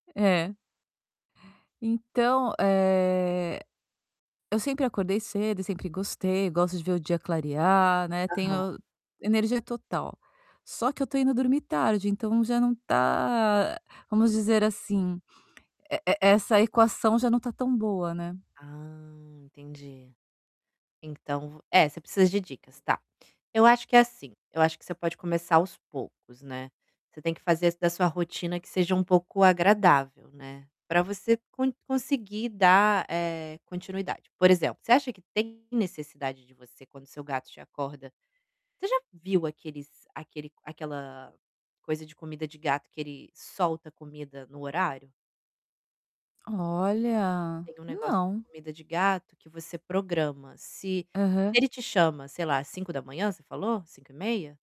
É. Então, eh, eu sempre acordei cedo e sempre gostei, gosto de ver o dia clarear, né, tenho Aham. energia total. Só que eu estou indo dormir tarde, então já não está, vamos dizer assim, e e essa equação já não está tão boa, né? Ah, entendi. Então vo é, você precisa de dicas, tá. Eu acho que é assim, eu acho que você pode começar aos poucos, né. Você tem que fazer da sua rotina que seja um pouco agradável, né. Para você con conseguir dar, eh, continuidade. Por exemplo, você acha que tem necessidade de você quando seu gato te acorda, você já viu aqueles aquele aquela coisa de comida de gato que ele solta comida no horário? Olha, Tem um negócio de não. comida de gato que você programa, se se Aham. ele te chama, sei lá, 5h você falou, 5h30?